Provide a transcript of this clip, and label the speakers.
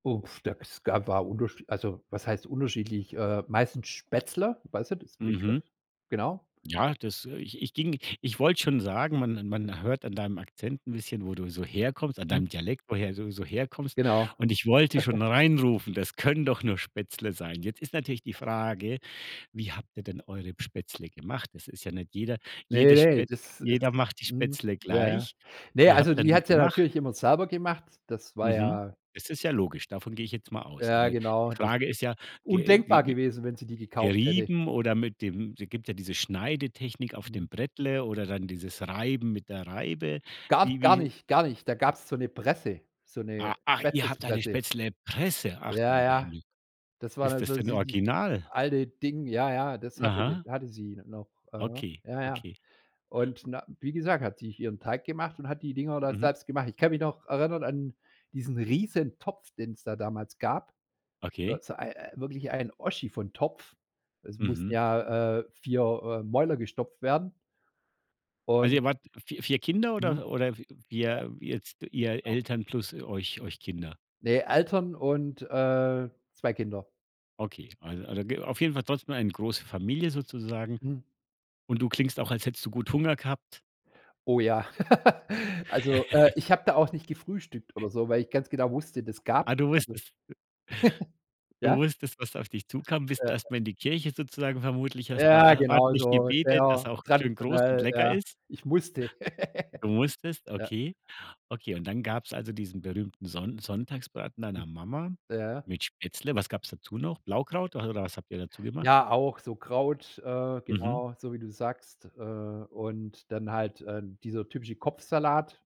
Speaker 1: Uff, da es gab war unterschie also, was heißt unterschiedlich, äh, meistens Spätzle. Weißt nicht, ist 'n
Speaker 2: Mhm.
Speaker 1: Begriff? Genau.
Speaker 2: Ja, das, äh ich ich ging ich wollte schon sagen, man man hört an deinem Akzent 'n bisschen, wo du so herkommst an
Speaker 1: Mhm.
Speaker 2: deinem Dialekt, woher du so herkommst
Speaker 1: Genau.
Speaker 2: und ich wollte schon reinrufen: „Das können doch nur Spätzle sein.“ Jetzt ist natürlich die Frage, wie habt ihr denn eure Spätzle gemacht? Es ist ja nicht jeder
Speaker 1: Ne,
Speaker 2: jede
Speaker 1: ne,
Speaker 2: Spätz
Speaker 1: das ist
Speaker 2: jeder macht die
Speaker 1: mhm,
Speaker 2: Spätzle
Speaker 1: ja, ja,
Speaker 2: gleich.
Speaker 1: ne,
Speaker 2: Wie habt
Speaker 1: also
Speaker 2: ihr 'n
Speaker 1: die
Speaker 2: die
Speaker 1: hat sie ja
Speaker 2: gemacht?
Speaker 1: natürlich immer selber gemacht. Das war
Speaker 2: Mhm.
Speaker 1: ja
Speaker 2: Das ist ja logisch, davon gehe ich jetzt mal aus.
Speaker 1: Ja
Speaker 2: Aber die
Speaker 1: genau, das
Speaker 2: Frage ist ja ge
Speaker 1: undenkbar
Speaker 2: wie wie
Speaker 1: gewesen, wenn sie die gekauft hätte.
Speaker 2: gerieben oder mit dem es gibt ja diese Schneidetechnik auf
Speaker 1: Mhm.
Speaker 2: dem Brettle oder dann dieses Reiben mit der Reibe.
Speaker 1: Gab's
Speaker 2: Wie
Speaker 1: gar
Speaker 2: wie
Speaker 1: nicht gar nicht. Da gab's so 'ne Presse, so 'ne
Speaker 2: A ach, ihr habt eine
Speaker 1: Spätzlepresse.
Speaker 2: Spätzlepresse. Ach, du
Speaker 1: Ja,
Speaker 2: lieber
Speaker 1: ja.
Speaker 2: Himmel.
Speaker 1: Das war
Speaker 2: Ist
Speaker 1: dann
Speaker 2: das
Speaker 1: so so
Speaker 2: denn
Speaker 1: dies
Speaker 2: original?
Speaker 1: alte Ding. Ja, ja, das hatte sie
Speaker 2: Aha.
Speaker 1: hatte sie n noch. Mhm.
Speaker 2: Okay,
Speaker 1: Ja, ja,
Speaker 2: okay.
Speaker 1: und na wie gesagt, hat sie sich ihren Teig gemacht und hat die Dinger da
Speaker 2: Mhm.
Speaker 1: selbst gemacht. Ich kann mich noch erinnern an diesen Riesentopf, den's da damals gab so
Speaker 2: Okay.
Speaker 1: so ei wirklich ein Oschi von Topf. Es mussten
Speaker 2: Mhm.
Speaker 1: ja, äh, 4, äh, Mäuler gestopft werden.
Speaker 2: Also,
Speaker 1: Und
Speaker 2: ihr wart vi 4 Kinder
Speaker 1: Mhm. Ja.
Speaker 2: oder oder w wir jetzt ihr
Speaker 1: Genau.
Speaker 2: Eltern plus euch euch euch Kinder?
Speaker 1: Ne, Eltern und, äh, 2 Kinder.
Speaker 2: Okay, [unintelligible] ge auf jeden Fall trotzdem eine große Familie sozusagen
Speaker 1: Mhm.
Speaker 2: und du klingst auch, als hättest du gut Hunger gehabt.
Speaker 1: Oh, ja. Also, äh, ich habe da auch nicht gefrühstückt oder so, weil ich ganz genau wusste, das gab's
Speaker 2: Ah, du
Speaker 1: also
Speaker 2: wusstest, w Du
Speaker 1: ja?
Speaker 2: wusstest, was auf dich zukommt, bist
Speaker 1: Äh.
Speaker 2: erst mal in die Kirche sozusagen vermutlich, hast da
Speaker 1: Ja,
Speaker 2: er
Speaker 1: genau
Speaker 2: ordentlich
Speaker 1: so,
Speaker 2: gebetet, dass
Speaker 1: sehr
Speaker 2: auch schön groß und
Speaker 1: traditionell,
Speaker 2: lecker
Speaker 1: ja.
Speaker 2: ist.
Speaker 1: Ich musste.
Speaker 2: Du musstest,
Speaker 1: Ja.
Speaker 2: okay. Okay, und dann gab's also diesen berühmten Sonn Sonntagsbraten deiner Mama
Speaker 1: Ja.
Speaker 2: mit Spätzle. Was gab's dazu noch? Blaukraut [unintelligible] oder was habt ihr dazu gemacht?
Speaker 1: Ja, auch so Kraut, äh,
Speaker 2: Mhm.
Speaker 1: genau so, wie du sagst, äh, und dann halt, äh, dieser typische Kopfsalat,